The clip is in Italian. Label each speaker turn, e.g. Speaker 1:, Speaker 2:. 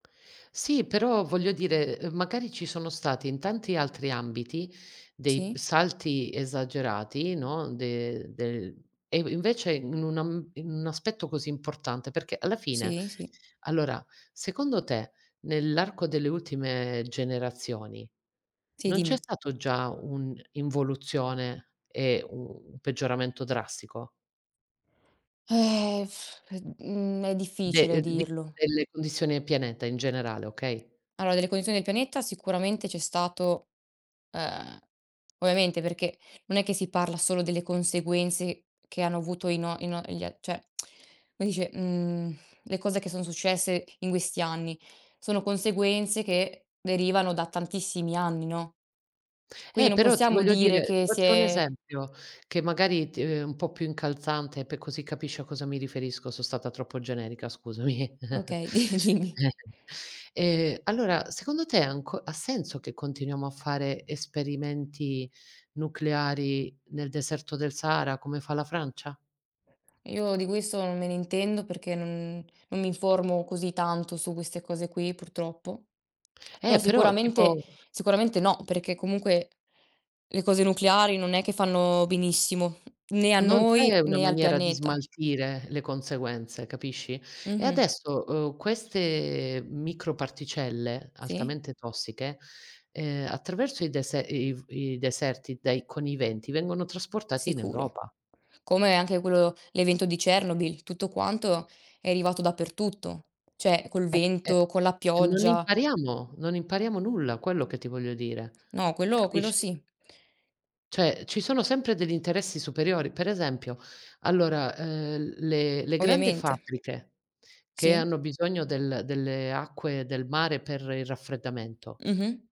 Speaker 1: Sì, però voglio dire, uhm, magari ci sono stati in tanti altri ambiti dei
Speaker 2: Sì.
Speaker 1: salti esagerati, no, de del e inv invece in un am in un aspetto così importante, perché alla fine
Speaker 2: Sì, sì.
Speaker 1: allora, secondo te nell'arco delle ultime generazioni
Speaker 2: Sì,
Speaker 1: non c'è
Speaker 2: dimmi.
Speaker 1: stato già un'involuzione e un peggioramento drastico?
Speaker 2: Eh. E mhmm, è
Speaker 1: De
Speaker 2: difficile
Speaker 1: uhm, d di
Speaker 2: dirlo.
Speaker 1: delle condizioni del pianeta in generale, okay?
Speaker 2: Allora, delle condizioni del pianeta sicuramente c'è stato, ehm, ovviamente, perché non è che si parla solo delle conseguenze che hanno avuto i no i no gl cioè, come si dice, mhmm, le cose che son successe in questi anni sono conseguenze che derivano da tantissimi anni, no. Quindi
Speaker 1: Eh,
Speaker 2: non
Speaker 1: però ti
Speaker 2: possiamo
Speaker 1: voglio
Speaker 2: dire
Speaker 1: dire ti
Speaker 2: che
Speaker 1: faccio un
Speaker 2: se
Speaker 1: esempio che magari t è un po' più incalzante pe così capisci a cosa mi riferisco, sono stata troppo generica, scusami.
Speaker 2: Okay, di dimmi.
Speaker 1: Ehm, allora secondo te è anco ha senso che continuiamo a fare esperimenti nucleari nel deserto del Sahara, come fa la Francia?
Speaker 2: Io di questo non me ne intendo perché non non mi informo così tanto su queste cose qui, purtroppo.
Speaker 1: Eh,
Speaker 2: Però
Speaker 1: però
Speaker 2: sicuramente
Speaker 1: tipo
Speaker 2: sicuramente no, perché comunque le cose nucleari non è che fanno benissimo, né a
Speaker 1: Non c'è
Speaker 2: noi
Speaker 1: una
Speaker 2: né al
Speaker 1: maniera di
Speaker 2: pianeta.
Speaker 1: smaltire le conseguenze, capisci? E
Speaker 2: Mh-mh.
Speaker 1: adesso, uhm, queste microparticelle
Speaker 2: Sì.
Speaker 1: altamente tossiche, ehm, attraverso il dese i i deserti dai con i venti vengono trasportati in
Speaker 2: Sicuro.
Speaker 1: Europa.
Speaker 2: Come anche quello l'evento di Chernobyl, tutto quanto è arrivato dappertutto. Cioè, col
Speaker 1: Eh, eh,
Speaker 2: vento, con la
Speaker 1: non
Speaker 2: pioggia.
Speaker 1: impariamo, non impariamo nulla, quello che ti voglio dire.
Speaker 2: No, quello quello
Speaker 1: Capisci?
Speaker 2: sì.
Speaker 1: Cioè, ci sono sempre degli interessi superiori. Per esempio, allora, uhm, le le grande
Speaker 2: Ovviamente.
Speaker 1: fabbriche che
Speaker 2: Sì.
Speaker 1: hanno bisogno del delle acque del mare per il raffreddamento
Speaker 2: Mh-mh.